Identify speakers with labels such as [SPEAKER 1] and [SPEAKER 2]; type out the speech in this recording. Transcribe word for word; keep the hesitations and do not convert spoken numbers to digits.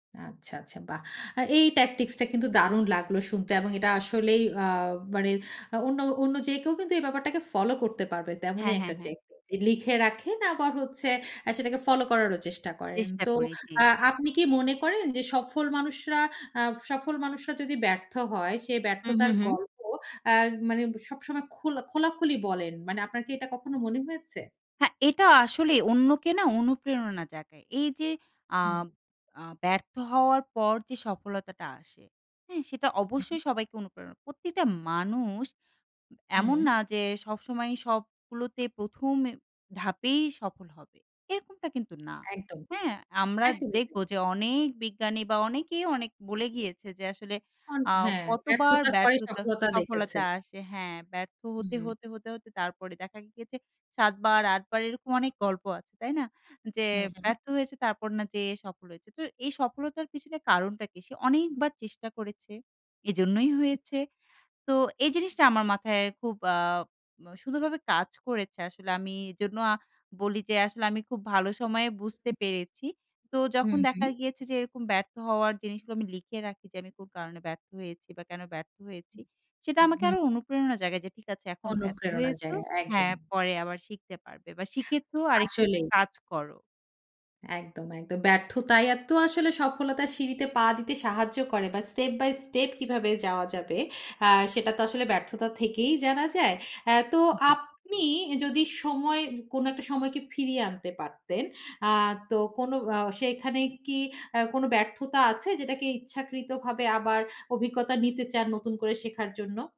[SPEAKER 1] আচ্ছা, আচ্ছা। বাহ! আ এই tactics টা কিন্তু দারুন লাগলো শুনতে। এবং এটা আসলেই আ মানে আ অন্য অন্য যে কেউ কিন্তু এই ব্যাপারটাকে ফলো করতে পারবে।
[SPEAKER 2] হ্যাঁ,
[SPEAKER 1] তেমনই
[SPEAKER 2] হ্যাঁ,
[SPEAKER 1] একটা
[SPEAKER 2] হ্যাঁ।
[SPEAKER 1] টেকনিক। যে লিখে রাখেন আবার হচ্ছে আ সেটাকে ফলো করারও চেষ্টা করেন।
[SPEAKER 2] চেষ্টা
[SPEAKER 1] তো
[SPEAKER 2] করি, জি।
[SPEAKER 1] আ আপনি কি মনে করেন যে সফল মানুষরা আ সফল মানুষরা যদি ব্যর্থ হয়, সে
[SPEAKER 2] হু, হু,
[SPEAKER 1] ব্যর্থতার
[SPEAKER 2] হু।
[SPEAKER 1] গল্প আ মানে ব সবসময় খোলা খোলাখুলি বলেন? মানে আপনার কি এটা কখনো মনে হয়েছে?
[SPEAKER 2] হ্যাঁ, এটা আসলে অন্যকে না, অনুপ্রেরণা জাগায়। এইযে
[SPEAKER 1] হুম।
[SPEAKER 2] আব আ ব্যর্থ হওয়ার পর যে সফলতাটা আসে। হ্যাঁ, সেটা
[SPEAKER 1] হুম।
[SPEAKER 2] অবশ্যই সবাইকে অনুপ্রেরণা প্রতিটা মানুষ এমন
[SPEAKER 1] হুম।
[SPEAKER 2] না যে, সবসময়ই সবগুলোতে প্রথম এ ধাপেই সফল হবে। এরকমটা কিন্তু না।
[SPEAKER 1] একদম।
[SPEAKER 2] হ্যাঁ? আমরা
[SPEAKER 1] একদমই,
[SPEAKER 2] দেখবো
[SPEAKER 1] একদমই।
[SPEAKER 2] যে অনেক বিজ্ঞানী বা অনেকেই অনেক বলে গিয়েছে যে আসলে
[SPEAKER 1] অন
[SPEAKER 2] আ
[SPEAKER 1] হ্যাঁ,
[SPEAKER 2] কতবার
[SPEAKER 1] ব্যর্থতার পরেই
[SPEAKER 2] ব্যর্থতা
[SPEAKER 1] সফলতা দেখেছে।
[SPEAKER 2] সফলতা আসে। হ্যাঁ, ব্যর্থ হতে,
[SPEAKER 1] হুম।
[SPEAKER 2] হতে, হতে, হতে তারপরে দেখা গিয়েছে সাত বার, আট বার এরকম অনেক গল্প আছে। তাই না? যে
[SPEAKER 1] হু, হু।
[SPEAKER 2] ব্যর্থ হয়েছে, তারপর না যেয়ে সফল হয়েছে। তো এই সফলতার পেছনে কারণটা কি? সে অনেকবার চেষ্টা করেছে। এজন্যই হয়েছে।
[SPEAKER 1] হু।
[SPEAKER 2] তো এই জিনিসটা আমার মাথায় খুব আ ম সুন্দরভাবে কাজ করেছে। আসলে আমি এজন্য আ বলি যে, আসলে আমি খুব ভালো সময়ে বুঝতে
[SPEAKER 1] হু।
[SPEAKER 2] পেরেছি। তো যখন
[SPEAKER 1] হুম,
[SPEAKER 2] দেখা
[SPEAKER 1] হুম।
[SPEAKER 2] গিয়েছে যে এরকম ব্যর্থ হওয়ার জিনিসগুলো আমি লিখে রাখি যে আমি কোন কারণে ব্যর্থ হয়েছি বা, কেন ব্যর্থ হয়েছি? সেটা
[SPEAKER 1] হু,
[SPEAKER 2] আমাকে
[SPEAKER 1] হু,
[SPEAKER 2] আরো
[SPEAKER 1] হু।
[SPEAKER 2] অনুপ্রেরণা জাগায়। যে "ঠিক আছে, এখন ব্যর্থ
[SPEAKER 1] অনুপ্রেরণা
[SPEAKER 2] হয়েছো,
[SPEAKER 1] জাগায়, একদম।
[SPEAKER 2] হ্যাঁ, পরে আবার শিখতে পারবে বা, শিখেছো, আরেকটু
[SPEAKER 1] আসলেই।
[SPEAKER 2] কাজ করো।"
[SPEAKER 1] একদম, একদম। ব্যর্থতাই এতো আসলে সফলতার সিঁড়িতে পা দিতে সাহায্য করে। বা step by step কিভাবে যাওয়া যাবে আ সেটা তো আসলে ব্যর্থতা থেকেই জানা যায়। আ তো
[SPEAKER 2] জি।
[SPEAKER 1] আপনি ই যদি সময় কোন একটা সময়কে ফিরিয়ে আনতে পারতেন। আ তো কোন আ সেখানে কি আ কোন ব্যর্থতা আছে? যেটাকে ইচ্ছাকৃতভাবে আবার অভিজ্ঞতা নিতে চান, নতুন করে শেখার জন্য?